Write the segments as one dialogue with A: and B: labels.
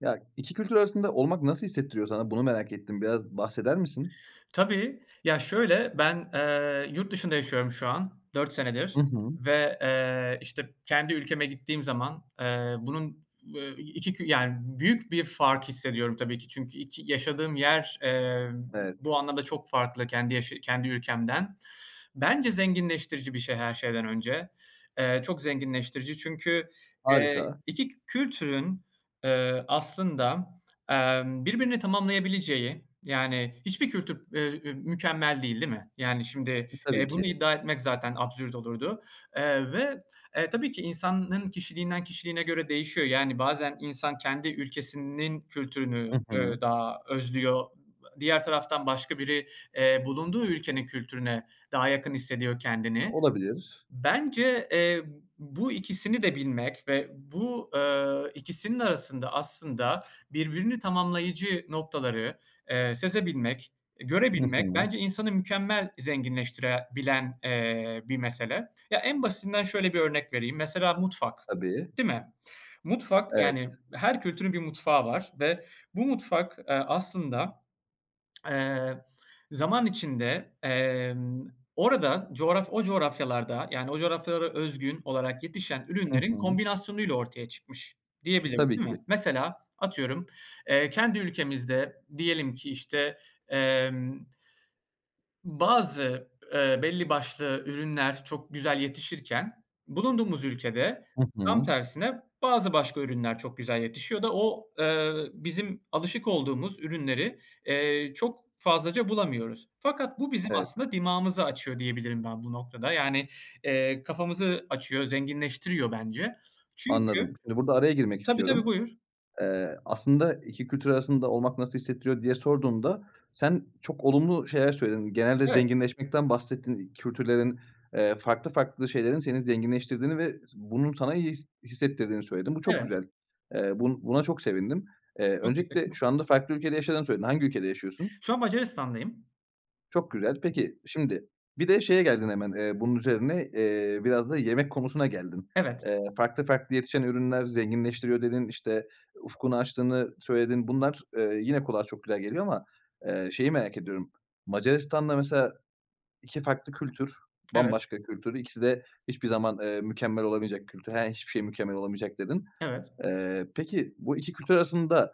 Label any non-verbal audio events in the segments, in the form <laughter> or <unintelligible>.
A: Ya, 2 kültür arasında olmak nasıl hissettiriyor sana? Bunu merak ettim. Biraz bahseder misin?
B: Tabii, ya şöyle, ben, eee, yurt dışında yaşıyorum şu an, 4 senedir
A: Hı hı.
B: ve, eee, işte, kendi ülkeme gittiğim zaman, eee, bunun, f ve 2 kü yani büyük bir fark hissediyorum tabii ki. Çünkü 2 yaşadığım yer, eee, bu
A: Evet.
B: anlamda çok farklı kendi yaş kendi ülkemden. Bence zenginleştirici bir şey her şeyden önce. Eee, çok zenginleştirici çünkü, eee,
A: Harika.
B: 2 kü kültürün, eee, aslında, emm, birbirini tamamlayabileceği, yani hiçbir kültür, eee, ü mükemmel değil değil mi? Yani şimdi,
A: Tabii
B: eee, bunu
A: ki.
B: iddia etmek zaten absürt olurdu. Eee, ve tabii ki insanın kişiliğinden kişiliğine göre değişiyor. Yani, bazen insan kendi ülkesinin kültürünü,
A: Hı
B: eee,
A: hı.
B: daha özlüyor, ııı, diğer taraftan başka biri, eee, bulunduğu ülkenin kültürüne daha yakın hissediyor kendini.
A: Olabilir.
B: Bence, eee, b bu ikisini de bilmek ve bu, eee, ikisinin arasında aslında birbirini tamamlayıcı noktaları, eee, sezebilmek,
A: Hı
B: görebilmek
A: hı.
B: bence insanı mükemmel zenginleştire bilen, eee, bir mesele. Ya, en basitinden şöyle bir örnek vereyim, mesela mutfak,
A: Tabii.
B: değil mi? Mutfak,
A: Evet.
B: yani her kültürün bir mutfağı var ve bu mutfak, eee, aslında <smacks lips> eee, zaman içinde, emm, orada, coğraf o coğrafyalarda, yani o coğrafyalara özgün olarak yetişen
A: Hı
B: ürünlerin
A: hı.
B: kombinasyonuyla ortaya çıkmış diyebiliriz,
A: Tabii
B: değil mi?
A: ki.
B: Mesela, atıyorum, eee, kendi ülkemizde, diyelim ki işte, emm, bazı, eee, belli başlı ürünler çok güzel yetişirken bulunduğumuz ülkede
A: Hı
B: tam
A: hı.
B: tersine bazı başka ürünler çok güzel yetişiyor da o, eee, bizim alışık olduğumuz ürünleri, eee, çok fazlaca bulamıyoruz fakat bu bizim
A: Evet.
B: aslında dimağımızı açıyor diyebilirim ben bu noktada, yani, eee, kafamızı açıyor, zenginleştiriyor bence,
A: Anladım.
B: çünkü,
A: Şimdi burada araya girmek
B: tabii, tabii
A: istiyorum.
B: buyur.
A: Eee, aslında 2 kültür arasında olmak nasıl hissettiriyor diye sorduğumda, sen çok olumlu şeyler söyledin. Genelde
B: Evet.
A: zenginleşmekten bahsettin. Kültürlerin, eee, farklı farklı şeylerin seni zenginleştirdiğini ve s bunun sana iyi his hissettirdiğini söyledin. Bu çok
B: Evet.
A: güzel. Eee, bu buna çok sevindim. Eee,
B: Çok
A: öncelikle
B: tesekkurler.
A: şu anda farklı ülkede yaşadığını söyledin. Hangi ülkede yaşıyorsun?
B: Şu an Macaristan'dayım.
A: Çok güzel.
B: Hı hı.
A: Peki, şimdi bir de şeye geldin hemen, eee, bunun üzerine, eee, biraz da yemek konusuna geldin.
B: Evet.
A: Eee, farklı farklı yetişen ürünler zenginleştiriyor dedin. İşte, ufkunu açtığını söyledin. Bunlar, eee, yine kulağa çok güzel geliyor ama, eee, şeyi, merak ediyorum. Macaristan'da mesela 2 farklı kültür
B: Evet.
A: bambaşka kültür ikisi de hiçbir zaman, eee, mükemmel olamayacak kültür. He, yani hiçbir şey mükemmel olamayacak dedin.
B: Evet.
A: Eee, peki bu 2 kültür arasında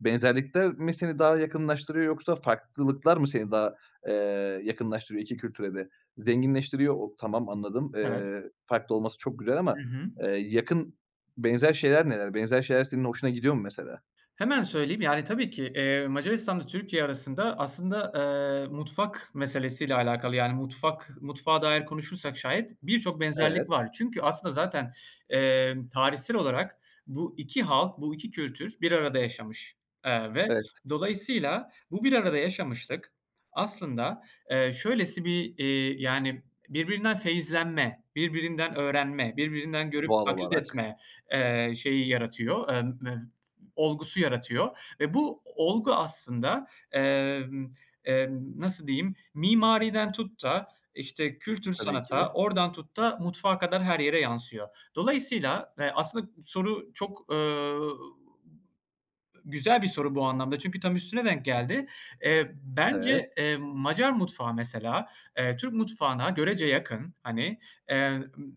A: benzerlikler mi seni daha yakınlaştırıyor yoksa farklılıklar mı seni daha, eee, yakınlaştırıyor 2 kültüre de? Zenginleştiriyor. O tamam anladım.
B: Evet.
A: Eee, farklı olması çok güzel
B: Hı
A: ama,
B: hı.
A: eee, yakın benzer şeyler neler? Benzer şeyler senin hoşuna gidiyor mu, mesela?
B: Hemen söyleyeyim, yani tabii ki, eee, Macaristan'la Türkiye arasında aslında, eee, mutfak meselesi ile alakalı, yani mutfak mutfağa dair konuşursak şayet birçok benzerlik
A: Evet.
B: var. Çünkü, aslında zaten, eee, tarihsel olarak bu 2 halk, bu 2 kültür bir arada yaşamış. Eee, ve
A: Evet.
B: dolayısıyla, bu bir arada yaşamışlık, aslında, eee, şöylesi bir, iii, yani, birbirinden feyizlenme, birbirinden öğrenme, birbirinden görüp
A: Doğal
B: taklit
A: olarak.
B: etme, eee, şeyi yaratıyor, emm, <unintelligible> olgusu yaratıyor. Ve bu o olgu aslında, emm, emm, nasıl diyeyim mimariden tut da işte kültür
A: Tabii
B: sanata
A: ki.
B: oradan tut da mutfağa kadar her yere yansıyor. Dolayısıyla, eee, aslında soru çok, eee, güzel bir soru bu anlamda, çünkü tam üstüne denk geldi. Eee,
A: Evet.
B: bence, eee, Macar mutfağı mesela, eee, Türk mutfağına görece yakın hani, eee, ımm ı,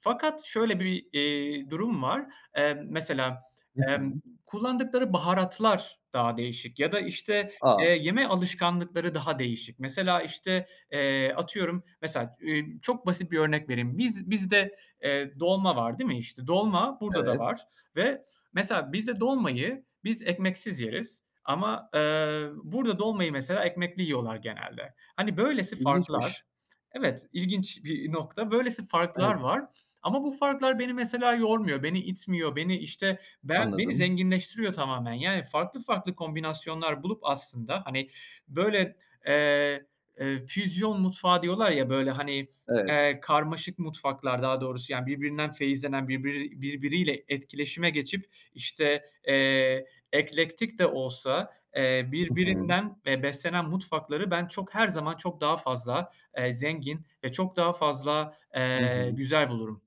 B: fakat şöyle bir, eee, durum var. Emm, mesela,
A: Hı
B: emm,
A: hı.
B: kullandıkları baharatlar daha değişik ya da işte,
A: A.
B: eee, yeme alışkanlıkları daha değişik. Mesela işte, eee, atıyorum, mesela, iii, çok basit bir örnek vereyim. Biz bizde, eee, dolma var değil mi işte? Dolma, burada da
A: Evet.
B: var ve mesela bizde dolmayı, biz ekmeksiz yeriz. Ama, eee, burada dolmayı mesela ekmekli yiyorlar genelde. Hani böylesi
A: İlginçmiş.
B: farklar evet, ilginç bir nokta, böylesi farklar
A: Evet.
B: var. Ama bu farklar beni mesela yormuyor, beni itmiyor, beni işte, ben beni
A: Anladım.
B: zenginleştiriyor tamamen. Yani, farklı farklı kombinasyonlar bulup aslında, hani böyle, eee, eee, füzyon mutfağı diyorlar ya böyle hani,
A: Evet.
B: eee, karmaşık mutfaklar daha doğrusu yani birbirinden feyizlenen birbiri birbiriyle etkileşime geçip işte, eee, eklektik de olsa, eee,
A: Hı hı.
B: birbirinden, eee, beslenen mutfakları ben çok her zaman çok daha fazla, eee, zengin ve çok daha fazla,
A: Hı
B: eee,
A: hı.
B: güzel bulurum.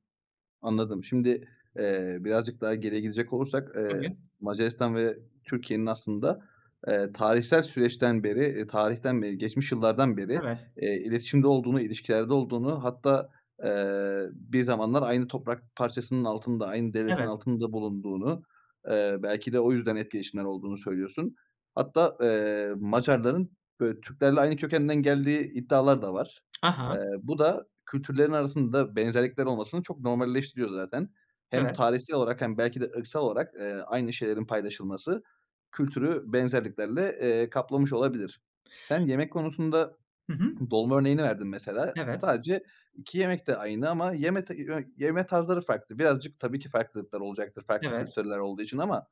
A: Anladım. Şimdi, eee, birazcık daha geriye gidecek olursak, eee,
B: Tabii.
A: Macaristan ve Türkiye'nin aslında, eee, tarihsel süreçten beri, eee, tarihten beri geçmiş yıllardan beri,
B: Evet.
A: eee, iletişimde olduğunu, ilişkilerde olduğunu hatta, eee, bir zamanlar aynı toprak parçasının altında, aynı devletin
B: Evet.
A: altında bulunduğunu, eee, belki de o yüzden etkileşimler olduğunu söylüyorsun. Hatta, eee, Macarların, ııı, Türklerle aynı kökenden geldiği iddiaları da var. Eee,
B: Aha.
A: bu da kültürlerin arasında benzerlikler olmasını çok normalleştiriyor zaten. Hem
B: Evet.
A: tarihsel olarak hem belki de ırksal olarak, eee, aynı şeylerin paylaşılması kültürü benzerliklerle, eee, kaplamış olabilir. Sen yemek konusunda
B: Hı hı.
A: dolma örneğini verdin mesela.
B: Evet.
A: Sadece 2 yemek de aynı ama yeme ta i yö yeme tarzları farklı. Birazcık, tabii ki, farklılıklar olacaktır farklı
B: Evet.
A: kültürler olduğu için ama,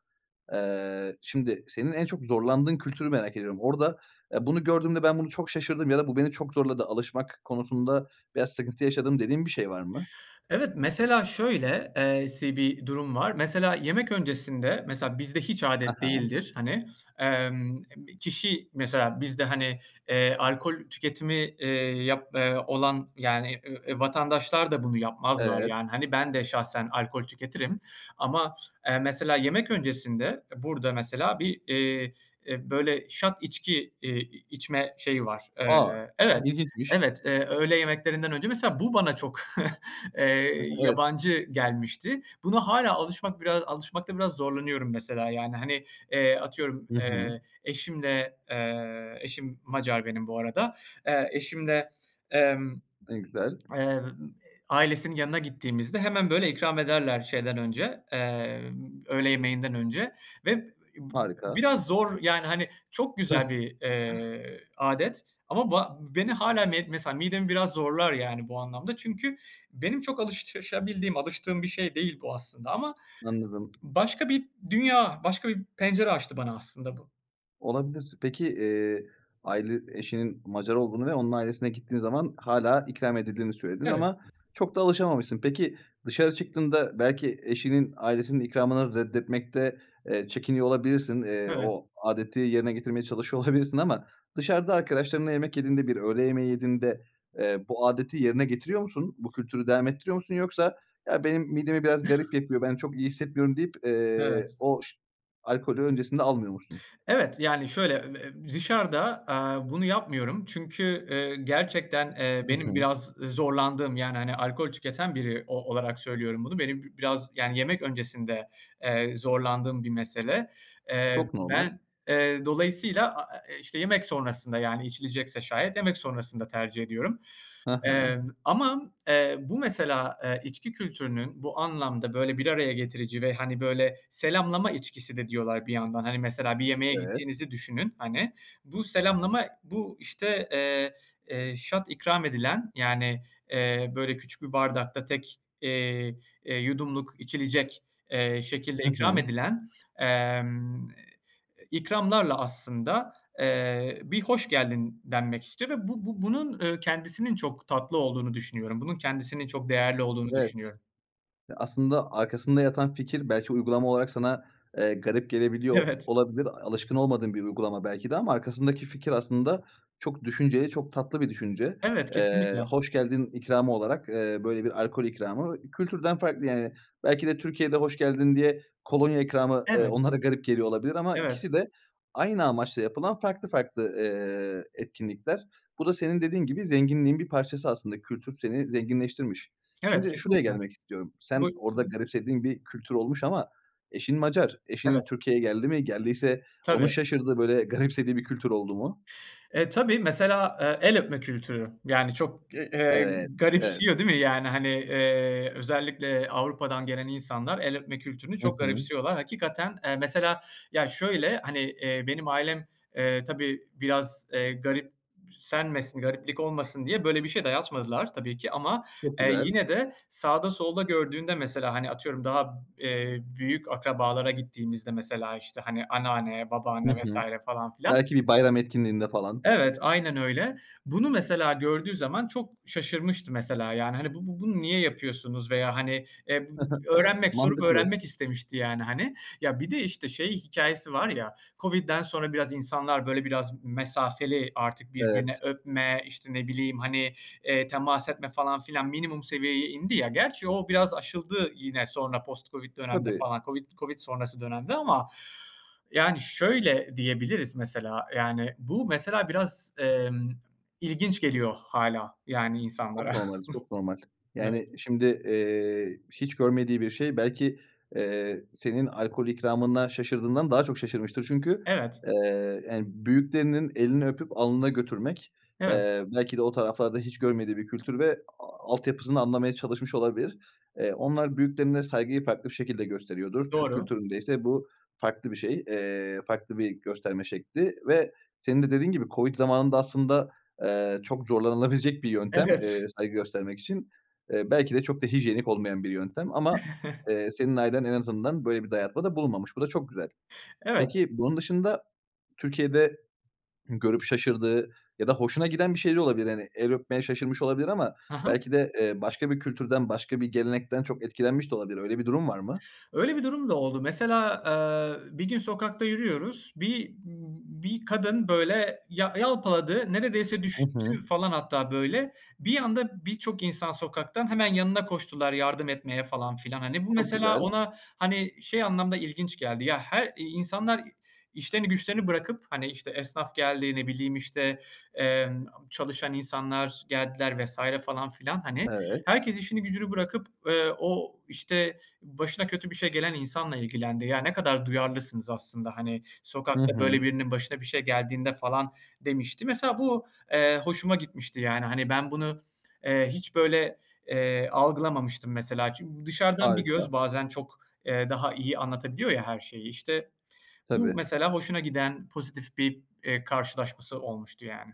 A: eee, şimdi senin en çok zorlandığın kültürü merak ediyorum. Orada, eee, bunu gördüğümde ben bunu çok şaşırdım ya da bu beni çok zorladı alışmak konusunda veya sıkıntı yaşadım dediğin bir şey var mı?
B: Evet, mesela şöyle e si bir durum var. Mesela, yemek öncesinde, mesela, bizde hiç âdet
A: Aha.
B: değildir, hani. Emm m kişi, mesela, bizde, hani, eee, alkol tüketimi, eee, yap, eee, olan yani, e eee, vatandaşlar da bunu yapmazlar
A: Evet.
B: yani. Hani, ben de şahsen alkol tüketirim. Ama, eee, mesela yemek öncesinde, e, burada mesela bir, eee, e, böyle shot içki, eee, i içme şeyi var.
A: A!
B: Eee, evet,
A: İlginçmiş.
B: evet, eee, öğle yemeklerinden önce. Mesela, bu bana çok <chuckles>
A: Hıh,
B: eee,
A: evet.
B: yabancı gelmişti. Buna hâlâ alışmak biraz alışmakta biraz zorlanıyorum mesela yani hani. Eee, atıyorum,
A: I hı.
B: eee, eşimle, eee, eşim Macar benim bu arada, eee, eşimle, emm,
A: Ne güzel.
B: emm, ııı, ailesinin yanına gittiğimizde hemen böyle ikram ederler şeyden önce, eee, öğle yemeğinden önce ve b b
A: Harika.
B: biraz zor, yani hani çok güzel
A: <chuckles>
B: bir, eee, âdet ama ba beni hâlâ mesela midemi biraz zorlar yani bu anlamda çünkü benim çok alışabildiğim, alıştığım bir şey değil bu aslında ama
A: Anladım.
B: başka bir dünya, başka bir pencere açtı bana aslında bu.
A: Olabilir. Peki, eee, aile eşinin Macar olduğunu ve onun ailesine gittiğin zaman hâlâ ikram edildiğini söyledin
B: Evet.
A: ama çok da alışamamışsın. Peki, dışarı çıktığında belki eşinin ailesinin ikramını reddetmekte, eee, çekiniyor olabilirsin. Eee,
B: Evet.
A: o âdeti yerine getirmeye çalışıyor olabilirsin ama dışarıda arkadaşlarınla yemek yediğinde, bir öğle yemeği yediğinde, eee, bu âdeti yerine getiriyor musun? Bu kültürü devam ettiriyor musun? Yoksa "ya benim midemi biraz garip yapıyor, ben çok iyi hissetmiyorum" deyip, eee,
B: Evet.
A: o alkolü öncesinde almıyor musun?
B: Evet, yani, şöyle, eb eb dışarıda, eee, bunu yapmıyorum çünkü, eee, gerçekten, eee,
A: I
B: benim
A: hı.
B: biraz zorlandığım, yani, hani, alkol tüketen biri o olarak söylüyorum bunu, benim bi biraz, yani, yemek öncesinde, eee, zorlandığım bir mesele. Eee,
A: Çok normal.
B: ben, eee, dolayısıyla, a e e işte, yemek sonrasında, yani, içilecekse şayet, yemek sonrasında tercih ediyorum.
A: Hı hı.
B: Emm, ama, eee, bu, mesela, eee, içki kültürünün bu anlamda böyle bir araya getirici ve, hani, böyle selamlama içkisi de diyorlar bir yandan. Hani, mesela, bir yemeğe
A: Evet.
B: gittiğinizi düşünün, hani. Bu selamlama, bu, işte, eee, eee, shot ikram edilen, yani, eee, böyle küçük bir bardakta tek, eee, eee, yudumluk içilecek, eee, şekilde
A: I
B: ikram
A: hı.
B: edilen, emm, i ikramlarla, aslında, eee, bir "hoş geldin" denmek istiyor ve bu bu bu bunun, eee, kendisinin çok tatlı olduğunu düşünüyorum. Bunun kendisinin çok değerli olduğunu
A: Evet.
B: düşünüyorum.
A: Ya, aslında, arkasında yatan fikir belki uygulama olarak sana, eee, garip gelebiliyor o
B: Evet.
A: olabilir. Alışkın olmadığın bir uygulama belki de ama arkasındaki fikir, aslında, çok düşünceli, çok tatlı bir düşünce.
B: Evet,
A: Eee,
B: kesinlikle.
A: hoş geldin ikramı olarak, eee, böyle bir alkol ikramı. Kültürden farklı yani. Belki de Türkiye'de hoş geldin diye kolonya ikramı, eee,
B: Evet.
A: onlara garip geliyor olabilir ama
B: Evet.
A: ikisi de aynı amaçla yapılan farklı farklı, eee, etkinlikler. Bu da senin dediğin gibi zenginliğin bir parçası aslında. Kültür seni zenginleştirmiş.
B: Evet,
A: Şimdi şuraya
B: kesinlikle.
A: gelmek istiyorum.
B: Bu
A: Sen orada
B: tabii.
A: garipsediğin bir kültür olmuş ama eşin Macar. Eşin
B: Evet.
A: Türkiye'ye geldi mi? Geldiyse onun
B: Tabii.
A: şaşırdığı böyle garipsediği bir kültür oldu mu?
B: E, tabii, mesela, eee, el öpme kültürü. Yani, çok, e, eee,
A: Evet. Evet.
B: garipsiyor, değil mi yani? Hani, eee, özellikle Avrupa'dan gelen insanlar el öpme kültürünü
A: I
B: çok
A: hı.
B: garipsiyorlar. Hakikaten, eee, mesela, ya şöyle hani, eee, benim ailem tabii biraz, eee, garipsenmesin, gariplik olmasın diye böyle bir şey dayatmadılar tabii ki. Ama,
A: Çok
B: eee,
A: güzel.
B: yine de sağda solda gördüğünde mesela, hani atıyorum daha, eee, büyük akrabalara gittiğimizde mesela işte, hani anneanne,
A: Hı
B: babaanne vs.
A: hı.
B: falan filan
A: Belki bir bayram etkinliğinde falan.
B: Evet, aynen öyle. Bunu mesela gördüğü zaman çok şaşırmıştı mesela, yani hani bu bu bunu niye yapıyorsunuz veya hani, eee, bu
A: <chuckles>
B: öğrenmek sorup
A: Mantıklı.
B: öğrenmek istemişti, yani, hani. Ya, bir de işte şey hikâyesi var ya, COVID'den sonra biraz insanlar böyle biraz mesafeli artık
A: Evet.
B: birbirine öpme, işte, ne bileyim, hani, eee, temas etme falan filan minimum seviyeye indi ya. Gerçi o biraz aşıldı yine sonra post COVID dönemde
A: Tabii.
B: falan, COVID COVID sonrası dönemde ama ,yani, şöyle diyebiliriz, mesela, yani, bu mesela biraz, emm, ilginç geliyor hâlâ, yani, insanlara.
A: Çok normaliz çok normal.
B: <chuckles> Evet.
A: Yani, şimdi, eee, hiç görmediği bir şey belki, eee, senin alkol ikramına şaşırdığından daha çok şaşırmıştır. Çünkü,
B: Evet.
A: eee, yani büyüklerinin elini öpüp alnına götürmek,
B: Evet.
A: eee, belki de o taraflarda hiç görmediği bir kültür ve, a altyapısını anlamaya çalışmış olabilir. Eee, onlar büyüklerine saygıyı farklı bir şekilde gösteriyordur. Türk
B: Doğru.
A: kültüründe ise bu farklı bir şey, eee, farklı bir gösterme şekli. Ve senin de dediğin gibi COVID zamanında aslında, eee, çok zorlanılabilecek bir yöntem, eee,
B: Evet.
A: saygı göstermek için. Eee, belki de çok da hijyenik olmayan bir yöntem ama,
B: <chuckles>
A: eee, senin ailen en azından böyle bir dayatmada bulunmamış. Bu da çok güzel.
B: Evet.
A: Peki, bunun dışında Türkiye'de görüp şaşırdığı ya da hoşuna giden bir şeyler olabilir. Hani el öpmeye şaşırmış olabilir ama
B: Hı hı.
A: belki de, eee, başka bir kültürden başka bir gelenekten çok etkilenmiş de olabilir. Öyle bir durum var mı?
B: Öyle bir durum da oldu. Mesela, eee, bir gün sokakta yürüyoruz. Bi bir kadın böyle yal yalpaladı, neredeyse
A: I
B: düştü,
A: hı.
B: falan, hatta böyle. Bir anda birçok insan sokaktan hemen yanına koştular yardım etmeye, falan filan. Hani, bu,
A: Çok
B: mesela,
A: güzel.
B: ona, hani, şey anlamda ilginç geldi, ya, her insanlar işlerini güçlerini bırakıp, hani, işte, esnaf geldi, ne bileyim, işte, emm, çalışan insanlar geldiler vs. falan filan, hani,
A: Evet.
B: herkes işini gücünü bırakıp, eee, o, işte, başına kötü bir şey gelen insanla ilgilendi. "Ya, ne kadar duyarlısınız aslında, hani,
A: Hı
B: sokakta böyle
A: hı.
B: birinin başına bir şey geldiğinde falan." demişti. Mesela, bu, eee, hoşuma gitmişti, yani, hani, ben bunu, eee, hiç böyle, eee, algılamamıştım, mesela. Çünkü dışarıdan bir
A: Harika.
B: göz bazen çok, eee, daha iyi anlatabiliyor ya her şeyi. İşte, bu,
A: Tabii.
B: mesela, hoşuna giden pozitif bir, eee, karşılaşması olmuştu, yani.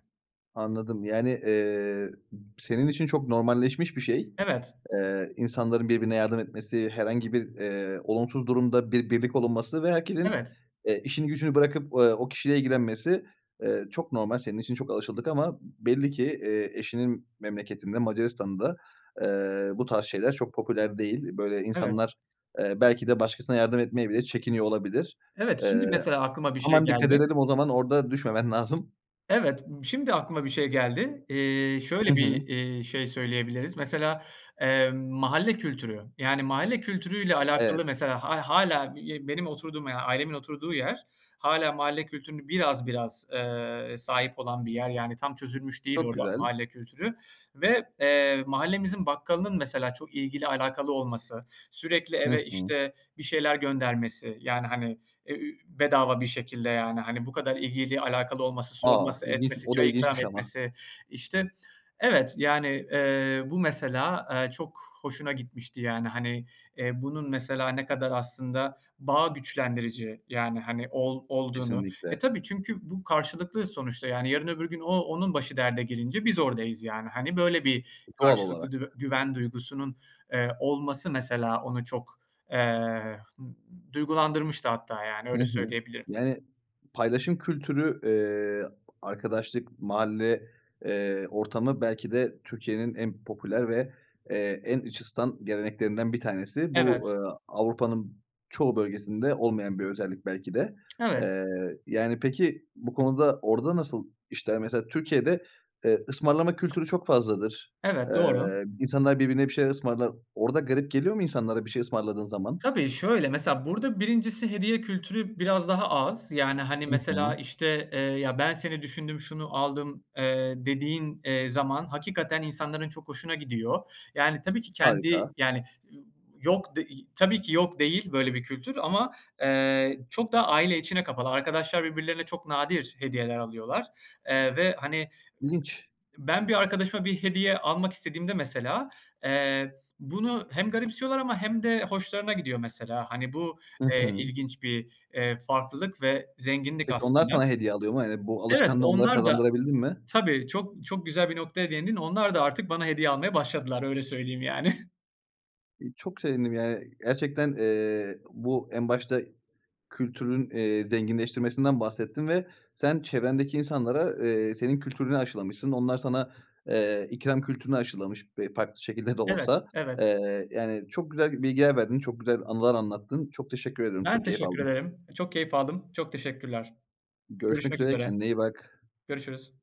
A: Anladım. Yani, eee, ı senin için çok normalleşmiş bir şey,
B: Evet.
A: eee, insanların birbirine yardım etmesi, herhangi bir, eee, olumsuz durumda bir birlik olunması ve herkesin,
B: Evet.
A: eee, işini gücünü bırakıp, eee, o kişiyle ilgilenmesi, eee, çok normal. Senin için çok alışıldık ama belli ki, eee, eşinin memleketinde Macaristan'da, eee, bu tarz şeyler çok popüler değil. Böyle
B: Evet.
A: insanlar, eee, belki de başkasına yardım etmeye bile çekiniyor olabilir.
B: Evet,
A: Eee,
B: şimdi mesela, aklıma bir şey
A: aman dikkat
B: geldi.
A: edelim. O zaman orada düşmemen lazım.
B: Evet, b şimdi aklıma bir şey geldi. Eee,
A: Hı
B: şöyle bir,
A: hı.
B: iii, şey söyleyebiliriz, mesela, emm, mahalle kültürü. Yani, mahalle kültürüyle
A: Evet.
B: alakalı mesela hâ hâlâ be benim oturduğum, yani ailemin oturduğu yer hâlâ mahalle kültürünü biraz biraz, eee, sahip olan bir yer. Yani, tam çözülmüş değil
A: Çok
B: orada
A: güzel.
B: mahalle kültürü ve, eee, mahallemizin bakkalının mesela çok ilgili alakalı olması, sürekli
A: Hı
B: eve,
A: hı.
B: işte, bir şeyler göndermesi, yani, hani, e ü bedava bir şekilde yani. Hani, bu kadar ilgili alakalı olması
A: A,
B: sorması,
A: ilginç
B: etmesi,
A: o da
B: çay ikram
A: ilginçmiş ama.
B: etmesi. İşte, evet yani, eee, bu mesela, eee, çok hoşuna gitmişti, yani. Hani, eee, bunun, mesela, ne kadar aslında bağ güçlendirici yani, hani ol olduğunu.
A: Kesinlikle.
B: E, tabii çünkü bu karşılıklıyız sonuçta, yani. Yarın öbür gün o onun başı derde gelince biz oradayız yani. Hani, böyle bir
A: Doğal
B: karşılıklı
A: olarak.
B: dü güven duygusunun, eee, olması mesela onu çok, eee, d duygulandırmıştı hatta, yani,
A: Hı
B: öyle
A: hı.
B: söyleyebilirim.
A: Yani, paylaşım kültürü, eee, arkadaşlık, mahalle, eee, ortamı belki de Türkiye'nin en popüler ve, eee, en iç ısıtan geleneklerinden bir tanesi. Bu,
B: Evet.
A: eee, Avrupa'nın çoğu bölgesinde olmayan bir özellik belki de.
B: Evet.
A: Eee, yani peki, bu konuda orada nasıl işler? Mesela, Türkiye'de, eee, ısmarlama kültürü çok fazladır.
B: Evet,
A: Eee,
B: doğru.
A: insanlar birbirine bir şeyler ısmarlar. Orada garip geliyor mu insanlara bir şey ısmarladığın zaman?
B: Tabii, şöyle, mesela burada 1'incisi hediye kültürü biraz daha az, yani, hani,
A: I
B: mesela
A: hı.
B: işte, eee, ya, ben seni düşündüm, şunu aldım, eee, dediğin, eee, zaman hakikaten insanların çok hoşuna gidiyor. Yani, tabii ki kendi,
A: Harika.
B: yani y yok, de tabii ki yok değil böyle bir kültür, ama, eee, çok daha aile içine kapalı. Arkadaşlar birbirlerine çok nadir hediyeler alıyorlar, eee, ve hani,
A: İlginç.
B: b ben bir arkadaşıma bir hediye almak istediğimde mesela, eee, bunu hem garipsiyorlar ama hem de hoşlarına gidiyor mesela. Hani, bu,
A: Hı
B: eee,
A: hı.
B: ilginç bir, eee, farklılık ve zenginlik
A: Peki, onlar
B: aslında.
A: sana hediye alıyor mu? Hani, bu
B: Evet,
A: alışkanlığı onlara
B: onlar da
A: kazandırabildin mi?
B: Tabii, çok çok güzel bir noktaya değindin. Onlar da artık bana hediye almaya başladılar, öyle söyleyeyim, yani. <chuckles>
A: İii, çok sevindim, yani, gerçekten, eee, bu en başta kültürün, eee, zenginleştirmesinden bahsettin ve sen çevrendeki insanlara, eee, senin kültürünü aşılamışsın. Onlar sana, eee, ikram kültürünü aşılamış be farklı şekilde de
B: Evet,
A: olsa.
B: evet.
A: Eee, yani çok güzel bilgiler verdin. Çok güzel anılar anlattın. Çok teşekkür ediyorum.
B: Ben
A: Çok keyif
B: teşekkür
A: aldım.
B: ederim. Çok keyif aldım. Çok teşekkürler.
A: Görüşmek
B: Görüşmek
A: üzere.
B: üzere.
A: Kendine iyi bak.
B: Görüşürüz.